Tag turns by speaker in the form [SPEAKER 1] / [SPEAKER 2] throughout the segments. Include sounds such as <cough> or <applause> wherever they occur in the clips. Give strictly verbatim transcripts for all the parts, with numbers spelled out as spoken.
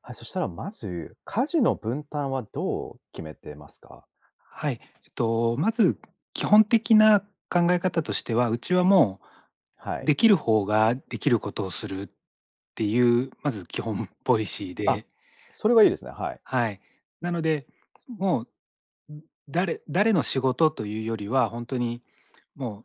[SPEAKER 1] はい、そしたらまず、家事の分担はどう決めてますか？
[SPEAKER 2] はい。えっと、まず基本的な考え方としては、うちはも
[SPEAKER 1] は
[SPEAKER 2] う、
[SPEAKER 1] い。
[SPEAKER 2] できる方ができることをするっていうまず基本ポリシー
[SPEAKER 1] あ、
[SPEAKER 2] で。
[SPEAKER 1] それはいいですね、はい。
[SPEAKER 2] はい。なのでもう、う、誰誰の仕事というよりは本当にも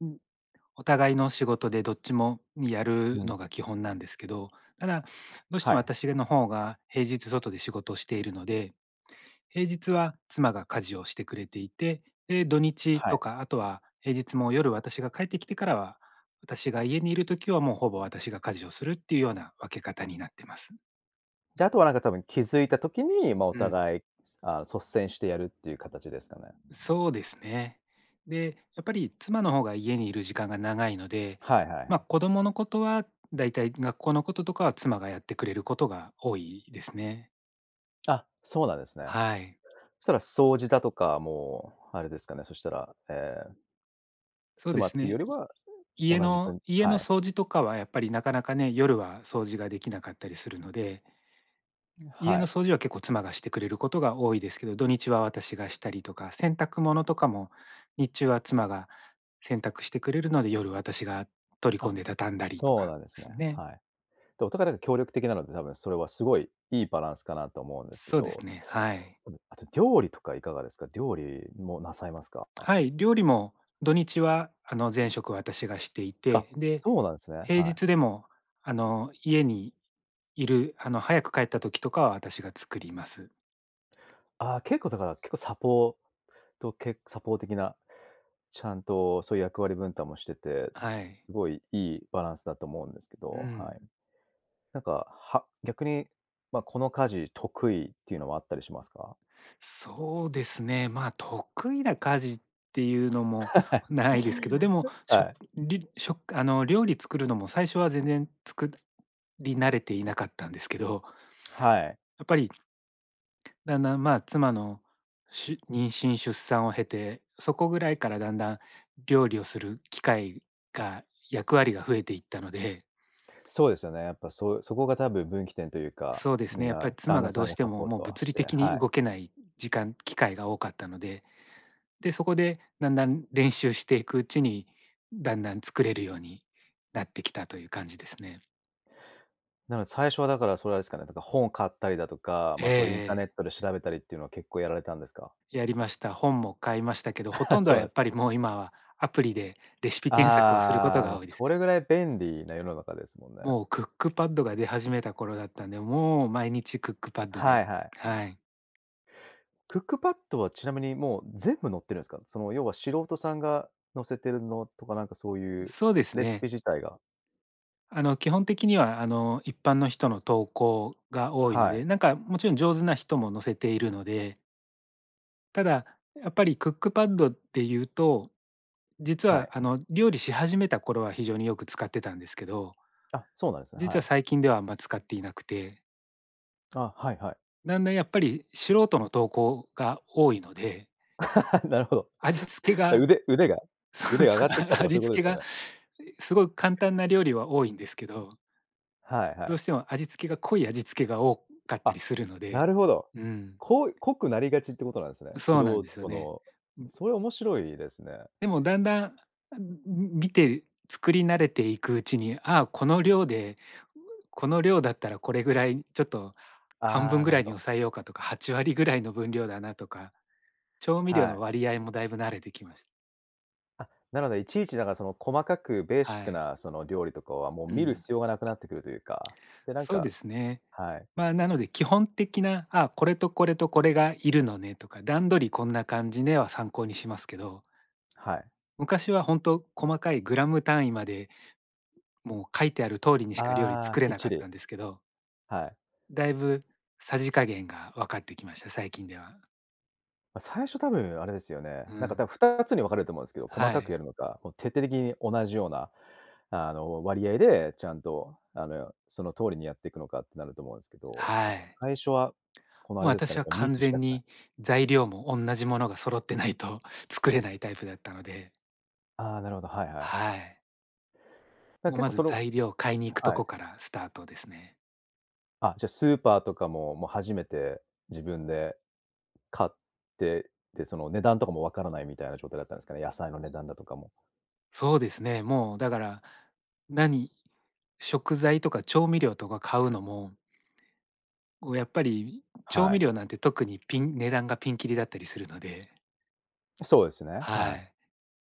[SPEAKER 2] う、お互いの仕事でどっちもにやる
[SPEAKER 1] うん。
[SPEAKER 2] のが基本なんですけど、ただどうして
[SPEAKER 1] は
[SPEAKER 2] も
[SPEAKER 1] い。
[SPEAKER 2] 私の方が平日外で仕事をしているので、平日は妻が家事をしてくれていて、で、土日
[SPEAKER 1] は
[SPEAKER 2] と
[SPEAKER 1] い。
[SPEAKER 2] かあとは平日も夜私が帰ってきてからは、私が家にいる時は、もう、ほぼ私が家事をするっていうような分け方になっています。
[SPEAKER 1] じゃ、あとは、なんか多分気づいた時に、ま、お
[SPEAKER 2] うん。
[SPEAKER 1] 互い、あ率先してやるっていう形ですかね？
[SPEAKER 2] そうですね。で、やっぱり妻の方が家にいる時間が長いので、
[SPEAKER 1] はいはいは
[SPEAKER 2] ま、
[SPEAKER 1] い。
[SPEAKER 2] 子供のことは、だいたい学校のこととかは妻がやってくれることが多いですね。
[SPEAKER 1] あ、そうなんですね。
[SPEAKER 2] はい。
[SPEAKER 1] したら、掃除だとか、もう、あれですかね。そしたらええ。
[SPEAKER 2] そうで
[SPEAKER 1] 妻
[SPEAKER 2] す
[SPEAKER 1] っていう
[SPEAKER 2] ね。
[SPEAKER 1] より
[SPEAKER 2] い
[SPEAKER 1] は、
[SPEAKER 2] 家
[SPEAKER 1] 同じ
[SPEAKER 2] の
[SPEAKER 1] 分
[SPEAKER 2] 家
[SPEAKER 1] は
[SPEAKER 2] の
[SPEAKER 1] い。
[SPEAKER 2] 掃除とかは、やっぱりなかなかね、夜は掃除ができなかったりするので
[SPEAKER 1] ん、
[SPEAKER 2] 家
[SPEAKER 1] は
[SPEAKER 2] の
[SPEAKER 1] い。
[SPEAKER 2] 掃除は、結構妻がしてくれることが多いですけど、土日は私がしたりとか。洗濯物とかも日中は妻が洗濯してくれるので、夜、私が取り込
[SPEAKER 1] あ、
[SPEAKER 2] んで畳んだりと
[SPEAKER 1] そう
[SPEAKER 2] か、
[SPEAKER 1] なんですね。
[SPEAKER 2] すね。
[SPEAKER 1] はい。で、お互いなんか協力的なので、多分それはすごい、良いバランスかなと思うんですけ
[SPEAKER 2] そうで
[SPEAKER 1] ど
[SPEAKER 2] すね、はい。
[SPEAKER 1] <unintelligible> あと、料理とかいかがですか？料理もなさいますか？あ。
[SPEAKER 2] はい。料理も土日は、あの、全食私がしてい
[SPEAKER 1] か、
[SPEAKER 2] て、で、
[SPEAKER 1] そうなんすね。
[SPEAKER 2] 平
[SPEAKER 1] はい。
[SPEAKER 2] 日でも、あの、家にいるあの、早く帰った時とかは私が作ります。
[SPEAKER 1] ああ、結構だから結構サポート、けサポーてきな、ちゃんと、そういう役割分担もしてて、
[SPEAKER 2] はい。
[SPEAKER 1] すごい良いバランスだと思うんですけ
[SPEAKER 2] う
[SPEAKER 1] ど、は
[SPEAKER 2] ん。
[SPEAKER 1] い。なんか、は逆に、ま、この家事得意っていうのはあったりしますか？
[SPEAKER 2] そうですね。まあ、得意な家事っていうのもないですけど、でも、
[SPEAKER 1] <chuckles>
[SPEAKER 2] しょ
[SPEAKER 1] はい。
[SPEAKER 2] りしょくあの、料理作るのも最初は全然作り慣れていなかったんですけど。
[SPEAKER 1] はい。
[SPEAKER 2] やっぱりだんだん、まあ、妻の、しゅ妊娠出産を経て、そこぐらいからだんだん料理をする機会が役割が増えていったので。
[SPEAKER 1] そうですよね。やっぱそうそこが多分、分岐点というか、
[SPEAKER 2] そうです
[SPEAKER 1] み
[SPEAKER 2] ね。
[SPEAKER 1] ん
[SPEAKER 2] やっぱ
[SPEAKER 1] な
[SPEAKER 2] り、
[SPEAKER 1] 旦
[SPEAKER 2] 妻
[SPEAKER 1] 那
[SPEAKER 2] がど
[SPEAKER 1] さ
[SPEAKER 2] う
[SPEAKER 1] んが
[SPEAKER 2] して
[SPEAKER 1] サ
[SPEAKER 2] も、
[SPEAKER 1] ポー
[SPEAKER 2] もう
[SPEAKER 1] トは
[SPEAKER 2] 物
[SPEAKER 1] し
[SPEAKER 2] 理
[SPEAKER 1] て
[SPEAKER 2] 的に
[SPEAKER 1] はい。
[SPEAKER 2] 動けない時間機会が多かったので、で、そこで、だんだん練習していくうちに、だんだん作れるようになってきたという感じですね。
[SPEAKER 1] なので最初はだからそれは、あれですかね、だから本を買ったりだとか、
[SPEAKER 2] ええ
[SPEAKER 1] ま、それインターネ
[SPEAKER 2] ええ。
[SPEAKER 1] ットで調べたりっていうのは結構やられたんですか？
[SPEAKER 2] やりました。本も買いましたけど、ほ
[SPEAKER 1] <chuckles>
[SPEAKER 2] とんど
[SPEAKER 1] そ
[SPEAKER 2] は
[SPEAKER 1] う
[SPEAKER 2] や
[SPEAKER 1] なん
[SPEAKER 2] っ
[SPEAKER 1] す
[SPEAKER 2] ぱ
[SPEAKER 1] ね。
[SPEAKER 2] りもう今はアプリでレシピ検索をすること
[SPEAKER 1] ああ、ま、
[SPEAKER 2] が多いです。
[SPEAKER 1] それぐらい便利な世の中ですもんね。
[SPEAKER 2] もうクックパッドが出始めた頃だったんで、もう毎日クックパッド
[SPEAKER 1] は
[SPEAKER 2] で、
[SPEAKER 1] いはい。
[SPEAKER 2] はい。
[SPEAKER 1] クックパッドは、ちなみにもう全部載ってるんすか？その要は、素人さんが載せてるのとかなんかそういう
[SPEAKER 2] そうです
[SPEAKER 1] レシピ
[SPEAKER 2] ね。
[SPEAKER 1] 自体が
[SPEAKER 2] あの、基本的にはあの、一般の人の投稿が多いの
[SPEAKER 1] はい。
[SPEAKER 2] で、なんかもちろん上手な人も載せているのでただ、やっぱりクックパッドっていうと、実
[SPEAKER 1] は
[SPEAKER 2] は
[SPEAKER 1] い。
[SPEAKER 2] あの、料理し始めた頃は非常によく使ってたんですけど
[SPEAKER 1] あ、そうなんすね、は
[SPEAKER 2] 実は
[SPEAKER 1] い。
[SPEAKER 2] 最近ではあんま使っていなくて
[SPEAKER 1] あ、はいはい。
[SPEAKER 2] なんだ、やっぱり、素人の投稿が多いので
[SPEAKER 1] <laughs> なるほど。
[SPEAKER 2] 味付けが
[SPEAKER 1] 腕腕が
[SPEAKER 2] そう
[SPEAKER 1] 腕が上
[SPEAKER 2] そ
[SPEAKER 1] が
[SPEAKER 2] う、
[SPEAKER 1] ってきたとかそ
[SPEAKER 2] 味
[SPEAKER 1] ういうことで
[SPEAKER 2] 付け
[SPEAKER 1] すよ
[SPEAKER 2] が
[SPEAKER 1] ね。
[SPEAKER 2] すごい簡単な料理は多いんですけど
[SPEAKER 1] はいは
[SPEAKER 2] ど
[SPEAKER 1] い。
[SPEAKER 2] うしても味付けが濃い味付けが多かった
[SPEAKER 1] あ、
[SPEAKER 2] りするの
[SPEAKER 1] な
[SPEAKER 2] で
[SPEAKER 1] るほど。
[SPEAKER 2] うん。
[SPEAKER 1] 濃い濃くなりがちっていうことなんですね。素
[SPEAKER 2] そうなんですよ
[SPEAKER 1] 人
[SPEAKER 2] ね。
[SPEAKER 1] の
[SPEAKER 2] うん。
[SPEAKER 1] それ面白いですね。
[SPEAKER 2] でもだんだん、あ、んん、見て作り慣れていくうちに、あ、この量でこの量だったらこれぐらいちょっと半
[SPEAKER 1] あ
[SPEAKER 2] 分
[SPEAKER 1] あ、
[SPEAKER 2] ぐ
[SPEAKER 1] なる
[SPEAKER 2] ら
[SPEAKER 1] ほ
[SPEAKER 2] いに
[SPEAKER 1] ど。
[SPEAKER 2] 抑えようかとかはちわりぐらいの分量だなとか、調味料
[SPEAKER 1] は
[SPEAKER 2] の
[SPEAKER 1] い。
[SPEAKER 2] 割合もだいぶ慣れてきまし
[SPEAKER 1] あ、なので、いちいちなんかその、細かくベーシッ
[SPEAKER 2] は
[SPEAKER 1] ク
[SPEAKER 2] い。
[SPEAKER 1] なその、料理とかは、もう
[SPEAKER 2] う
[SPEAKER 1] 見る
[SPEAKER 2] ん。
[SPEAKER 1] 必要がなくなってくるというか。で、なん
[SPEAKER 2] そうで
[SPEAKER 1] か
[SPEAKER 2] すね。
[SPEAKER 1] はい。
[SPEAKER 2] ま、なので基本的な「あ、これと、これと、これがいるのね」とか「段取りこんな感じね」は参考にしますけど。
[SPEAKER 1] はい。
[SPEAKER 2] 昔は本当、細かいグラム単位まで、もう書いてある通りにしか料理
[SPEAKER 1] ああ。
[SPEAKER 2] 作れ
[SPEAKER 1] きっ
[SPEAKER 2] なか
[SPEAKER 1] ち
[SPEAKER 2] っ
[SPEAKER 1] り。
[SPEAKER 2] たんですけど。
[SPEAKER 1] はい。
[SPEAKER 2] だいぶ、さじ加減が分かってきました。最近では。
[SPEAKER 1] ま、最初多分あれですよね、
[SPEAKER 2] う
[SPEAKER 1] なんか
[SPEAKER 2] ん。
[SPEAKER 1] 多分、ふたつに分かれると思うんですけど、細
[SPEAKER 2] は
[SPEAKER 1] かく
[SPEAKER 2] い。
[SPEAKER 1] やるのか、もう徹底的に同じような、あの、割合でちゃんと、あの、その通りにやっていくのかってなると思うんですけど。
[SPEAKER 2] は
[SPEAKER 1] やっぱ
[SPEAKER 2] い。
[SPEAKER 1] 最初は、この、あ
[SPEAKER 2] もう、
[SPEAKER 1] れですか
[SPEAKER 2] 私
[SPEAKER 1] ね、
[SPEAKER 2] は
[SPEAKER 1] やっぱミ
[SPEAKER 2] 完
[SPEAKER 1] スし
[SPEAKER 2] 全
[SPEAKER 1] たくない。
[SPEAKER 2] に材料も同じものが揃ってないと作れないタイプだったので。
[SPEAKER 1] あ、なるほど。はいはい。
[SPEAKER 2] はい。
[SPEAKER 1] だから
[SPEAKER 2] もう、
[SPEAKER 1] 結
[SPEAKER 2] ま
[SPEAKER 1] 構
[SPEAKER 2] ず
[SPEAKER 1] その
[SPEAKER 2] 材料を買いに行くと
[SPEAKER 1] は
[SPEAKER 2] こ
[SPEAKER 1] い。
[SPEAKER 2] からスタートですね。
[SPEAKER 1] あ、じゃあスーパーとかも、もう初めて自分で買って、で、その値段とかも分からないみたいな状態だったんですかね、野菜の値段だとかも。
[SPEAKER 2] そうですね。もうだから何食材とか調味料とか買うのもこう、やっぱり調
[SPEAKER 1] は
[SPEAKER 2] 味
[SPEAKER 1] い。
[SPEAKER 2] 料なんて特にピン値段がピンキリだったりするので。
[SPEAKER 1] そうですね、
[SPEAKER 2] は
[SPEAKER 1] はい。
[SPEAKER 2] い。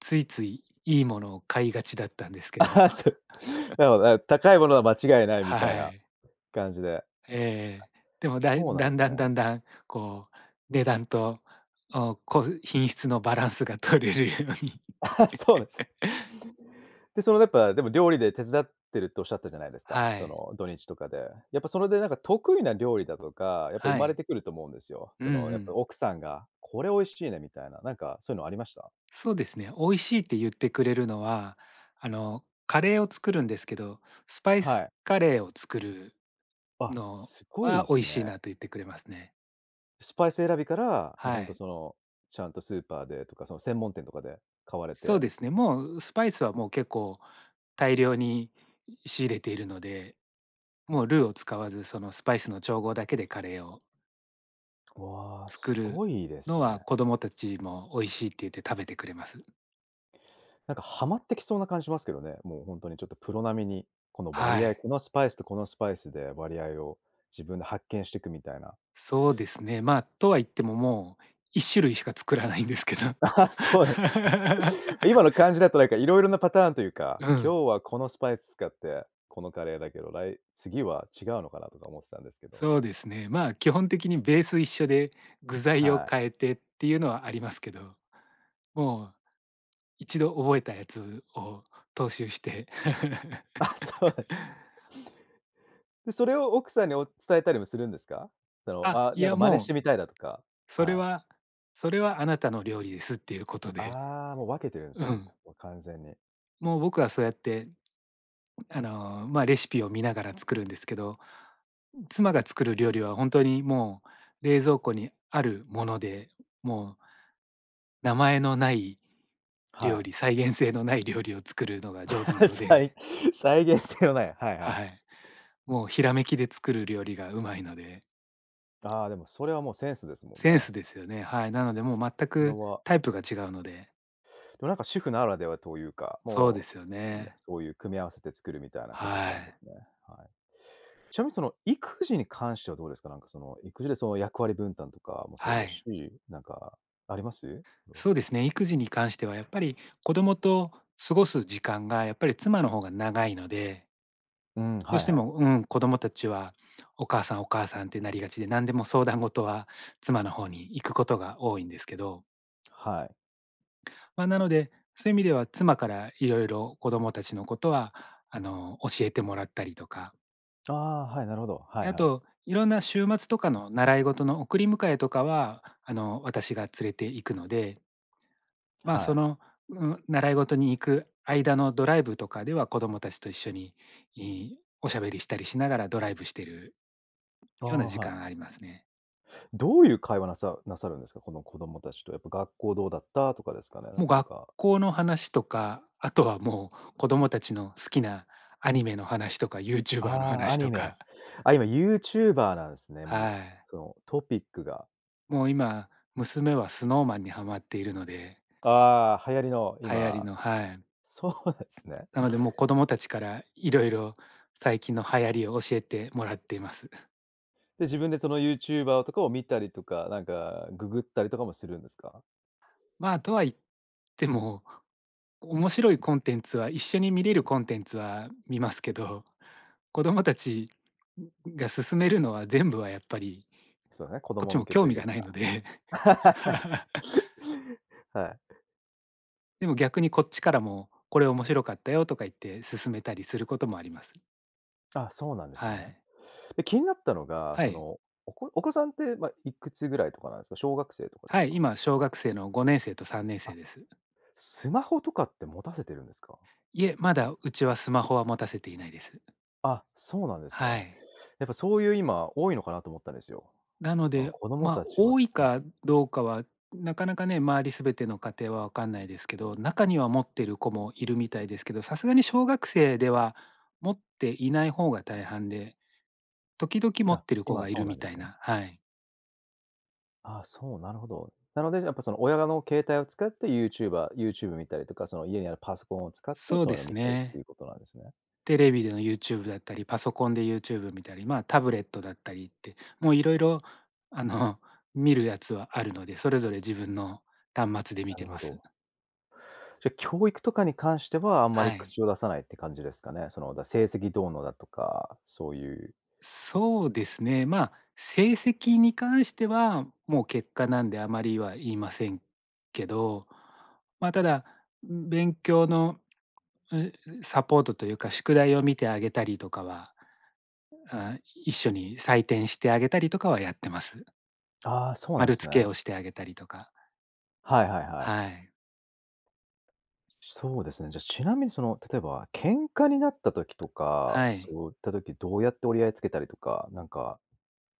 [SPEAKER 2] ついつい、いいものを買いがちだったんですけ
[SPEAKER 1] あ
[SPEAKER 2] ど。
[SPEAKER 1] は、
[SPEAKER 2] <chuckles>
[SPEAKER 1] つなるほどな、高いものは間違いないみたい
[SPEAKER 2] は
[SPEAKER 1] な
[SPEAKER 2] い。
[SPEAKER 1] 感じで。
[SPEAKER 2] ええええ。でもだい
[SPEAKER 1] そうなんで
[SPEAKER 2] 段
[SPEAKER 1] す
[SPEAKER 2] 々
[SPEAKER 1] ね。
[SPEAKER 2] 段々こう値段と、おこう、品質のバランスが取れるように。
[SPEAKER 1] ああ、そうです。
[SPEAKER 2] <laughs>
[SPEAKER 1] で、そのやっぱ、でも料理で手伝ってるっておっしゃったじゃないですか、
[SPEAKER 2] は
[SPEAKER 1] そ
[SPEAKER 2] い。
[SPEAKER 1] の、土日とかで。やっぱそれでなんか得意な料理だとか、やっぱ生
[SPEAKER 2] は
[SPEAKER 1] まれ
[SPEAKER 2] い。
[SPEAKER 1] てくると思うんですよ。
[SPEAKER 2] う
[SPEAKER 1] そ
[SPEAKER 2] んう
[SPEAKER 1] の、やっぱ
[SPEAKER 2] ん。
[SPEAKER 1] 奥さんが「これ美味しいね」みたいな、なんかそういうのありました？
[SPEAKER 2] そうですね。美味しいって言ってくれるのは、あの、カレーを作るんですけど、スパイ
[SPEAKER 1] は
[SPEAKER 2] ス
[SPEAKER 1] い。
[SPEAKER 2] カレーを作る
[SPEAKER 1] あ、
[SPEAKER 2] の
[SPEAKER 1] すご
[SPEAKER 2] は
[SPEAKER 1] い
[SPEAKER 2] 美味
[SPEAKER 1] す
[SPEAKER 2] しいな
[SPEAKER 1] ね。
[SPEAKER 2] と言ってくれますね。
[SPEAKER 1] スパイス選びから、も、
[SPEAKER 2] は
[SPEAKER 1] 本当
[SPEAKER 2] い。
[SPEAKER 1] そのちゃんとスーパーでとか、その専門店とかで買われ
[SPEAKER 2] そう
[SPEAKER 1] て。
[SPEAKER 2] ですね。もうスパイスはもう結構大量に仕入れているので、もうルーを使わずそのスパイスの調合だけでカレーを。
[SPEAKER 1] わあ、
[SPEAKER 2] 作
[SPEAKER 1] す
[SPEAKER 2] る
[SPEAKER 1] ごいで
[SPEAKER 2] の
[SPEAKER 1] す
[SPEAKER 2] は
[SPEAKER 1] ね。
[SPEAKER 2] 子供たちも美味しいって言って食べてくれます。
[SPEAKER 1] なんか、はまってきそうな感じしますけどね。もうほんとに、ちょっとプロ並みに、この
[SPEAKER 2] は
[SPEAKER 1] 割合
[SPEAKER 2] い。
[SPEAKER 1] このスパイスとこのスパイスで割合を、自分で発見してくみたいな。
[SPEAKER 2] そうですね。ま、とは言ってももう一種類しか作らないんですけど。
[SPEAKER 1] ああ、そうなんです。
[SPEAKER 2] <laughs>
[SPEAKER 1] 今の感じだとなんか色々なパターンというか、
[SPEAKER 2] うん。
[SPEAKER 1] 今日はこのスパイス使って、このカレーだけど、らい次は違うのかなとか思ってたんですけど。
[SPEAKER 2] そうですね。ま、基本的にベース一緒で具材を
[SPEAKER 1] はい。
[SPEAKER 2] 変えてっていうのはありますけど、もう一度覚えたやつを踏襲して
[SPEAKER 1] あ、そう
[SPEAKER 2] <laughs>
[SPEAKER 1] なんす。で、それを奥さんにお伝えたりもするんですか？その、
[SPEAKER 2] あ、
[SPEAKER 1] あ、
[SPEAKER 2] い
[SPEAKER 1] なんか
[SPEAKER 2] や、
[SPEAKER 1] 真似し
[SPEAKER 2] もう、
[SPEAKER 1] てみたいだとか、
[SPEAKER 2] それ
[SPEAKER 1] はい。
[SPEAKER 2] はそれはあなたの料理ですっていうことで、
[SPEAKER 1] ああ、もう分けてるんです
[SPEAKER 2] う
[SPEAKER 1] ね、もうこ
[SPEAKER 2] ん。
[SPEAKER 1] こは完全に。
[SPEAKER 2] もう僕はそうやって、あの、ま、レシピを見ながら作るんですけど、妻が作る料理はほんとにもう、冷蔵庫にあるもので、もう名前のない
[SPEAKER 1] は
[SPEAKER 2] 料
[SPEAKER 1] い。
[SPEAKER 2] 理、再現性のない料理を作るのが上手な
[SPEAKER 1] <laughs>
[SPEAKER 2] ので
[SPEAKER 1] 再再現性のない、はいは
[SPEAKER 2] は
[SPEAKER 1] い。
[SPEAKER 2] はい。もうひらめきで作る料理がうまいので。
[SPEAKER 1] ああ、でもそれはもうセンスですもん
[SPEAKER 2] セン
[SPEAKER 1] ね。
[SPEAKER 2] スですよね。はい。なのでもう全
[SPEAKER 1] それ
[SPEAKER 2] く
[SPEAKER 1] は
[SPEAKER 2] タイプが違うので
[SPEAKER 1] これ、なんか主婦ならではというか、
[SPEAKER 2] そうで
[SPEAKER 1] も
[SPEAKER 2] すよ
[SPEAKER 1] う、うん、
[SPEAKER 2] ね。
[SPEAKER 1] そういう組み合わせて作るみたいな形
[SPEAKER 2] は
[SPEAKER 1] なんで
[SPEAKER 2] い。
[SPEAKER 1] すね。はい。ちなみにその、育児に関してはどうですか、なんかその、育児でその、役割分担とかもそう
[SPEAKER 2] は
[SPEAKER 1] です
[SPEAKER 2] い。
[SPEAKER 1] し、なんかあります？それは。
[SPEAKER 2] そうですね。育児に関してはやっぱり子供と過ごす時間がやっぱり妻の方が長いので
[SPEAKER 1] うん、
[SPEAKER 2] ど
[SPEAKER 1] は
[SPEAKER 2] し
[SPEAKER 1] い
[SPEAKER 2] て
[SPEAKER 1] はい。
[SPEAKER 2] も、うん、子供達はお母さんお母さんってなりがちで、何でも相談事は妻の方に行くことが多いんですけど
[SPEAKER 1] はい。
[SPEAKER 2] ま、なので、そういう意味では、妻から色々子供たちのことはあの教えてもらったりとか。
[SPEAKER 1] ああ、はい。なるほど。は
[SPEAKER 2] で、
[SPEAKER 1] い
[SPEAKER 2] あ
[SPEAKER 1] はい。
[SPEAKER 2] と、いろんな週末とかの習い事の送り迎えとかは、あの私が連れて行くので。ま、
[SPEAKER 1] は
[SPEAKER 2] そ
[SPEAKER 1] い。
[SPEAKER 2] の、うん、習い事に行く間のドライブとかでは子供たちと一緒に、いおしゃべりしたりしながらドライブしてる
[SPEAKER 1] あ
[SPEAKER 2] ような
[SPEAKER 1] あ、
[SPEAKER 2] 時
[SPEAKER 1] はい。
[SPEAKER 2] 間ありますね。
[SPEAKER 1] どういう会話、なさなさるんですか、この子供たちと。やっぱ「学校どうだった？」とかですかね、
[SPEAKER 2] もう、
[SPEAKER 1] なん
[SPEAKER 2] 学
[SPEAKER 1] か。
[SPEAKER 2] 校の話とか、あとはもう子供たちの好きなアニメの話とかユーチューバーの
[SPEAKER 1] ああ、ア
[SPEAKER 2] 話
[SPEAKER 1] ニ
[SPEAKER 2] と
[SPEAKER 1] メ。
[SPEAKER 2] か。
[SPEAKER 1] あ、今、ユーチューバーなんすね、も
[SPEAKER 2] は
[SPEAKER 1] う、
[SPEAKER 2] い。
[SPEAKER 1] そのトピックが。
[SPEAKER 2] もう今、娘は Snow Man にはまっているので。
[SPEAKER 1] ああ、流行りの
[SPEAKER 2] 流行り
[SPEAKER 1] 今、
[SPEAKER 2] の。はい。
[SPEAKER 1] そうですね。
[SPEAKER 2] なのでもう子供たちから色々最近の流行りを教えてもらっています。<chuckles>
[SPEAKER 1] で、自分でそのユーチューバーとかを見たりとか、なんかググったりとかもするんですか？
[SPEAKER 2] ま、とは言っても、面白いコンテンツは一緒に見れるコンテンツは見ますけど、子供たちが勧めるのは全部はやっぱり
[SPEAKER 1] すよね、子
[SPEAKER 2] こっ
[SPEAKER 1] 供
[SPEAKER 2] ち
[SPEAKER 1] 向
[SPEAKER 2] も
[SPEAKER 1] け
[SPEAKER 2] 興
[SPEAKER 1] と
[SPEAKER 2] 味
[SPEAKER 1] いう
[SPEAKER 2] がないので。
[SPEAKER 1] か。
[SPEAKER 2] <laughs>
[SPEAKER 1] <laughs> はい。
[SPEAKER 2] でも、逆にこっちからも、これ面白かったよとか言って、勧めたりすることもあります。
[SPEAKER 1] あ、そうなんです
[SPEAKER 2] は
[SPEAKER 1] ね。
[SPEAKER 2] い。
[SPEAKER 1] で、気になったのが、
[SPEAKER 2] は
[SPEAKER 1] そ
[SPEAKER 2] い。
[SPEAKER 1] の、おこお子さんって、ま、いくつぐらいとかなんですか？小学生とかです
[SPEAKER 2] はい、
[SPEAKER 1] か？
[SPEAKER 2] 今、小学生のごねんせいとさんねんせ
[SPEAKER 1] あ、
[SPEAKER 2] いです。
[SPEAKER 1] スマホとかって持たせてるんですか？
[SPEAKER 2] いえ、まだ、うちは、スマホは持たせていないです。
[SPEAKER 1] あ、そうなんですね。
[SPEAKER 2] はい。
[SPEAKER 1] やっぱそういう今、多いのかなと思ったんですよ。
[SPEAKER 2] なので、
[SPEAKER 1] 子供
[SPEAKER 2] ま、
[SPEAKER 1] たちは
[SPEAKER 2] 多い
[SPEAKER 1] はい。
[SPEAKER 2] かどうかはなかなかね、周りすべての家庭はわかんないですけど、中には持ってる子もいるみたいですけど、さすがに小学生では持っていない方が大半で、時々持っ
[SPEAKER 1] あ、
[SPEAKER 2] てる子
[SPEAKER 1] 今
[SPEAKER 2] がい
[SPEAKER 1] そう
[SPEAKER 2] る
[SPEAKER 1] な
[SPEAKER 2] み
[SPEAKER 1] んで
[SPEAKER 2] た
[SPEAKER 1] す
[SPEAKER 2] い
[SPEAKER 1] ね。
[SPEAKER 2] なはい。
[SPEAKER 1] ああ、そう、なるほど。なので、やっぱその、親だの携帯を使ってユーチューバー YouTube 見たりとか、その、家にあるパソコンを使って、
[SPEAKER 2] そう
[SPEAKER 1] そういう
[SPEAKER 2] で
[SPEAKER 1] のを
[SPEAKER 2] す
[SPEAKER 1] 見たりって
[SPEAKER 2] ね。
[SPEAKER 1] いうことなんですね。
[SPEAKER 2] テレビでの YouTube だったり、パソコンで YouTube 見たり、ま、タブレットだったりってもう色々あの、見るやつはあるので、それぞれ自分の端末で
[SPEAKER 1] な
[SPEAKER 2] 見
[SPEAKER 1] る
[SPEAKER 2] て
[SPEAKER 1] ほ
[SPEAKER 2] ます。
[SPEAKER 1] ど。じゃ、教育とかに関しては、あんま
[SPEAKER 2] は
[SPEAKER 1] り
[SPEAKER 2] い。
[SPEAKER 1] 口を出さないって感じですかね。その、だ成績どうのだとか、そういう
[SPEAKER 2] そうですね。ま、成績に関しては、もう結果なんであまりは言いませんけど、ま、ただん勉強の、え、サポートというか宿題を見てあげたりとかは、あ一緒に採点してあげたりとかはやってます。
[SPEAKER 1] ああ、そうなん
[SPEAKER 2] 丸
[SPEAKER 1] す
[SPEAKER 2] 付
[SPEAKER 1] ね。
[SPEAKER 2] けをしてあげたりとか。
[SPEAKER 1] はいはいはい。
[SPEAKER 2] はい。
[SPEAKER 1] そうですね。じゃ、ちなみに、その、例えば喧嘩になった時とか、
[SPEAKER 2] はい。
[SPEAKER 1] そういった時どうやって折り合いつけたりとか、なんか、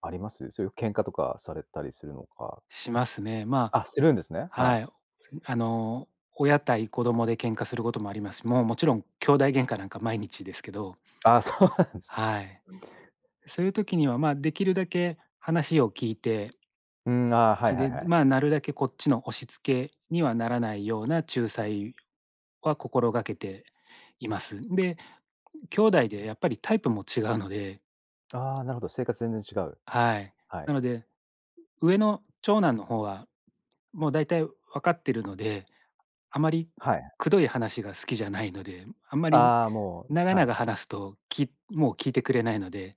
[SPEAKER 1] あります？そういう喧嘩とかされたりするのか。
[SPEAKER 2] しますね。ま
[SPEAKER 1] あ、
[SPEAKER 2] あ
[SPEAKER 1] するんですね。は
[SPEAKER 2] は
[SPEAKER 1] い。
[SPEAKER 2] い、ん、あの、親対子供で喧嘩することもありますし、もう、もちろん兄弟喧嘩なんか毎日ですけど。
[SPEAKER 1] ああ、そうなんすね。
[SPEAKER 2] はい。そういう時には、ま、できるだけ話を聞いて
[SPEAKER 1] うーん、あ、は
[SPEAKER 2] あ
[SPEAKER 1] いは
[SPEAKER 2] げ、
[SPEAKER 1] いはい。
[SPEAKER 2] ま、なるだけこっちの押し付けにはならないような仲裁は心がけています。で、<unintelligible> 兄弟でやっぱりタイプも違うので。
[SPEAKER 1] ああ、なるほど、性格全然違う。
[SPEAKER 2] はい。
[SPEAKER 1] はい。
[SPEAKER 2] なので、う上の長男の方はもうだいたいわかってるので、あまり
[SPEAKER 1] はいはい。
[SPEAKER 2] くどい話が好きじゃないので、あんまり
[SPEAKER 1] ああ、も
[SPEAKER 2] 長
[SPEAKER 1] う、はい。
[SPEAKER 2] 々話すと、きいもう聞いてくれないので。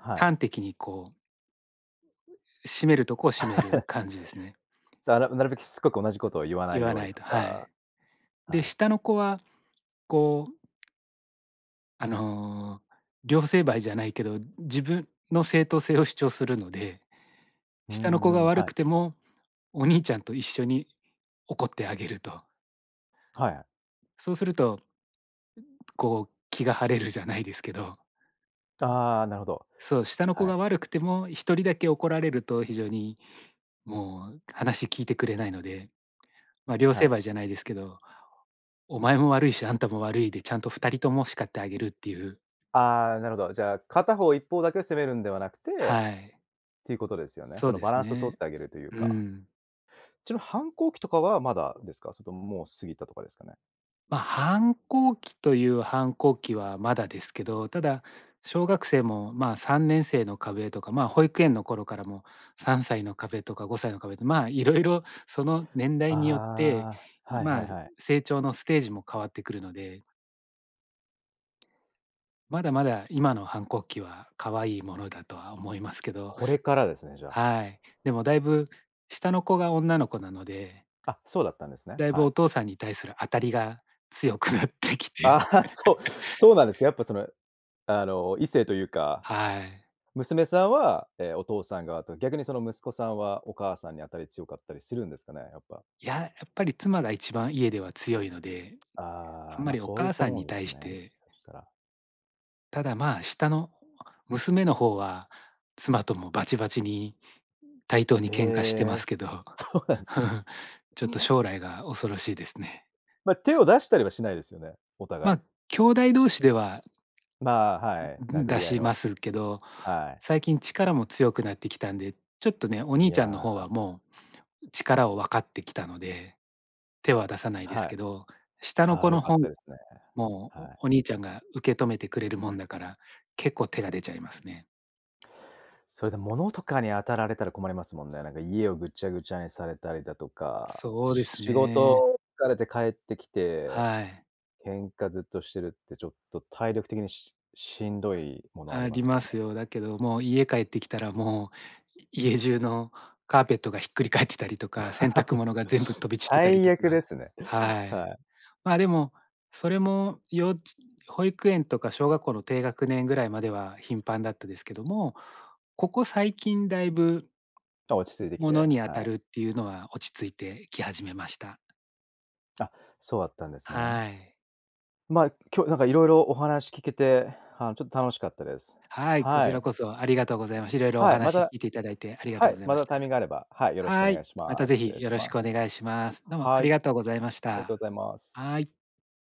[SPEAKER 1] はい。
[SPEAKER 2] 端的に、こうう、締めるとこを締める
[SPEAKER 1] <laughs>
[SPEAKER 2] 感じですね。
[SPEAKER 1] ざなん、なるべくしつこく同じことを言わな
[SPEAKER 2] 言
[SPEAKER 1] い
[SPEAKER 2] わ
[SPEAKER 1] よう
[SPEAKER 2] な
[SPEAKER 1] に
[SPEAKER 2] い
[SPEAKER 1] と
[SPEAKER 2] と。は
[SPEAKER 1] か。
[SPEAKER 2] い。
[SPEAKER 1] は
[SPEAKER 2] で、
[SPEAKER 1] い。
[SPEAKER 2] 下の子は、こうあの、両成敗じゃないけど、自分の正当性を主張するので、
[SPEAKER 1] う
[SPEAKER 2] 下の子
[SPEAKER 1] んう
[SPEAKER 2] が
[SPEAKER 1] ん。
[SPEAKER 2] 悪
[SPEAKER 1] はい。
[SPEAKER 2] くてもお兄ちゃんと一緒に怒ってあげると。
[SPEAKER 1] はい。
[SPEAKER 2] そうするとこう、気が晴れるじゃないですけど。
[SPEAKER 1] ああ、なるほど。
[SPEAKER 2] そう、下の子
[SPEAKER 1] は
[SPEAKER 2] が
[SPEAKER 1] い。
[SPEAKER 2] 悪くてもひとりだけ怒られると非常にもう話聞いてくれないので。ま、両
[SPEAKER 1] は
[SPEAKER 2] 成
[SPEAKER 1] い。
[SPEAKER 2] 敗じゃないですけど、お前も悪いしあんたも悪いでちゃんとふたりとも叱ってあげるっていう。
[SPEAKER 1] ああ、なるほど。じゃあ、片方、一方だけを責めるんではなくて、
[SPEAKER 2] はい。
[SPEAKER 1] っていうことですよね。
[SPEAKER 2] そ
[SPEAKER 1] そ
[SPEAKER 2] う
[SPEAKER 1] の
[SPEAKER 2] で
[SPEAKER 1] バ
[SPEAKER 2] す
[SPEAKER 1] ランスを取っ
[SPEAKER 2] ね。
[SPEAKER 1] てあげるという
[SPEAKER 2] う
[SPEAKER 1] か。
[SPEAKER 2] ん。
[SPEAKER 1] ちなみ、反抗期とかはまだですか？それとももう過ぎたとかですかね？
[SPEAKER 2] ま、反抗期という反抗期はまだですけど、ただ小学生もまあ、さんねんせいの壁とかま、保育園の頃からもさんさいの壁とかごさいの壁とまあ、色々その年代によって、
[SPEAKER 1] ああ、はいは
[SPEAKER 2] まあ、
[SPEAKER 1] いはい。
[SPEAKER 2] 成長のステージも変わってくるので。まだまだ今の反抗期は可愛いものだとは思いますけど
[SPEAKER 1] これからですね、じゃあ。
[SPEAKER 2] はい。でもだいぶ下の子が女の子なので
[SPEAKER 1] あ、そうだったんですね、
[SPEAKER 2] だい
[SPEAKER 1] は
[SPEAKER 2] ぶお
[SPEAKER 1] い。
[SPEAKER 2] 父さんに対する当たりが強くなってき
[SPEAKER 1] あ
[SPEAKER 2] て。
[SPEAKER 1] あ、そう、そうなんですか、
[SPEAKER 2] <laughs>
[SPEAKER 1] やっぱその、あの、異性というか。
[SPEAKER 2] はい。
[SPEAKER 1] 娘さんは、ええ、お父さん側と、逆にその息子さんはお母さんに当たり強かったりするんですかね、やっぱ。
[SPEAKER 2] いや、やっぱり妻が一番家では強いので、あ
[SPEAKER 1] ああ、
[SPEAKER 2] んま
[SPEAKER 1] ま、
[SPEAKER 2] りお
[SPEAKER 1] そういっ
[SPEAKER 2] 母
[SPEAKER 1] た
[SPEAKER 2] さん
[SPEAKER 1] もの
[SPEAKER 2] に
[SPEAKER 1] です
[SPEAKER 2] 対し
[SPEAKER 1] ね。
[SPEAKER 2] て
[SPEAKER 1] そしたら。
[SPEAKER 2] ただ、まあ、下の娘の方は妻ともバチバチに対等に
[SPEAKER 1] え
[SPEAKER 2] 喧嘩してま
[SPEAKER 1] え、
[SPEAKER 2] すけど、
[SPEAKER 1] そうなんすね。
[SPEAKER 2] <chuckles> ちょっと将来が恐ろしいですね。
[SPEAKER 1] ま、手を出したりはしないですよね？お互い。
[SPEAKER 2] ま、きょうだい同士では
[SPEAKER 1] まあ、はい、
[SPEAKER 2] んん、
[SPEAKER 1] 殴
[SPEAKER 2] 出
[SPEAKER 1] り合い
[SPEAKER 2] しま
[SPEAKER 1] の、
[SPEAKER 2] すけど、
[SPEAKER 1] はい。
[SPEAKER 2] 最近力も強くなってきたんで、ちょっとね、お
[SPEAKER 1] い
[SPEAKER 2] 兄ちゃんの
[SPEAKER 1] や。
[SPEAKER 2] 方はもう力を分かってきたので、手は出さないです
[SPEAKER 1] はい。
[SPEAKER 2] けど、下の
[SPEAKER 1] あ
[SPEAKER 2] 子
[SPEAKER 1] あ、良
[SPEAKER 2] の
[SPEAKER 1] かっ
[SPEAKER 2] ほん
[SPEAKER 1] たですね。
[SPEAKER 2] も
[SPEAKER 1] はい。
[SPEAKER 2] お兄ちゃんが受け止めてくれるもんだから、結構手が出ちゃいますね。
[SPEAKER 1] それで物とかに当たられたら困りますもんね。なんか家をぐっちゃぐちゃにされたりだとか、
[SPEAKER 2] そうです
[SPEAKER 1] 仕
[SPEAKER 2] ね。
[SPEAKER 1] 事疲れて帰ってきて、
[SPEAKER 2] はい。
[SPEAKER 1] 喧嘩ずっとしてるってちょっと体力的にししんど
[SPEAKER 2] あ、
[SPEAKER 1] いものあり
[SPEAKER 2] あ
[SPEAKER 1] ま
[SPEAKER 2] り
[SPEAKER 1] すよ
[SPEAKER 2] ま
[SPEAKER 1] ね。
[SPEAKER 2] すよ。だけどもう、家帰ってきたらもう、家中のカーペットがひっくり返ってたりとか、洗濯物が全部
[SPEAKER 1] <giggles>
[SPEAKER 2] 飛び散ってたり
[SPEAKER 1] 最
[SPEAKER 2] と
[SPEAKER 1] 悪で
[SPEAKER 2] か、
[SPEAKER 1] すね。
[SPEAKER 2] は
[SPEAKER 1] は
[SPEAKER 2] い。
[SPEAKER 1] い。
[SPEAKER 2] ま、でもそれも幼稚保育園とか小学校の低学年ぐらいまでは頻繁だったですけども、ここ最近、大分
[SPEAKER 1] ま、落ち着いてき
[SPEAKER 2] もの
[SPEAKER 1] て、
[SPEAKER 2] に当
[SPEAKER 1] は
[SPEAKER 2] た
[SPEAKER 1] い。
[SPEAKER 2] るっていうのは落ち着いてき始めました。
[SPEAKER 1] あ、そうだったんですね。
[SPEAKER 2] はい。
[SPEAKER 1] ま、今日なんか色々お話聞けて、あのちょっと楽しかったです。
[SPEAKER 2] はい。こ
[SPEAKER 1] は
[SPEAKER 2] ち
[SPEAKER 1] い。
[SPEAKER 2] らこそありがとうございまし、色々お
[SPEAKER 1] はい。ま
[SPEAKER 2] 話聞
[SPEAKER 1] た、
[SPEAKER 2] いていただいてありが
[SPEAKER 1] は
[SPEAKER 2] とう
[SPEAKER 1] い。
[SPEAKER 2] ござい
[SPEAKER 1] ま
[SPEAKER 2] ま
[SPEAKER 1] た
[SPEAKER 2] し
[SPEAKER 1] タイミング
[SPEAKER 2] た。
[SPEAKER 1] があれば、はい、よろしくお
[SPEAKER 2] は
[SPEAKER 1] 願
[SPEAKER 2] い。
[SPEAKER 1] いし
[SPEAKER 2] また
[SPEAKER 1] ま
[SPEAKER 2] ぜ
[SPEAKER 1] す。失
[SPEAKER 2] ひ
[SPEAKER 1] 礼
[SPEAKER 2] よ
[SPEAKER 1] し
[SPEAKER 2] ろし
[SPEAKER 1] ま
[SPEAKER 2] くお
[SPEAKER 1] す。
[SPEAKER 2] 願いします。どうもあ
[SPEAKER 1] はい。
[SPEAKER 2] りがと
[SPEAKER 1] あ
[SPEAKER 2] うございまし
[SPEAKER 1] りがと
[SPEAKER 2] た。
[SPEAKER 1] うございます。
[SPEAKER 2] はい。